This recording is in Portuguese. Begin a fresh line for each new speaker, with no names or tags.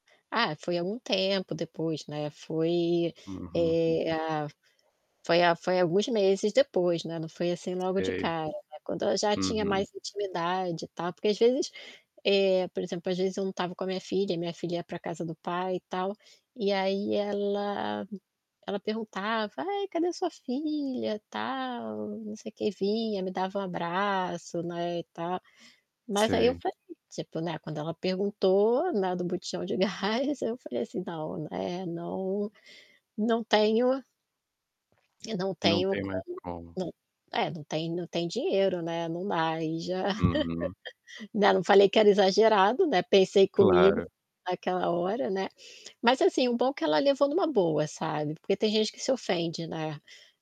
Ah, foi algum tempo depois, né, foi,
Uhum.
eh a foi a foi alguns meses depois, né, não foi assim logo de
Sei.
cara, quando eu já tinha
Uhum.
mais intimidade e tal, porque às vezes, eh, por exemplo, às vezes eu não estava com a minha filha e minha filha ia para casa do pai e tal, e aí ela ela perguntava: “Ai, cadê a sua filha, tal, não sei quê”, vinha, me dava um abraço, né, e tal. Mas aí eu
Sei.
falei, tipo, né, quando ela perguntou, né, do botijão de gás eu falei assim: “Não, é não não tenho eu não
Não
tenho
tem mais
como,
como.
não é, não tem não tem dinheiro, né, não dá”, aí já.
Uhum.
Né, não falei que era exagerado, né, pensei comigo,
Claro.
naquela hora, né. Mas, assim, o bom que ela levou numa boa, sabe, porque tem gente que se ofende, né?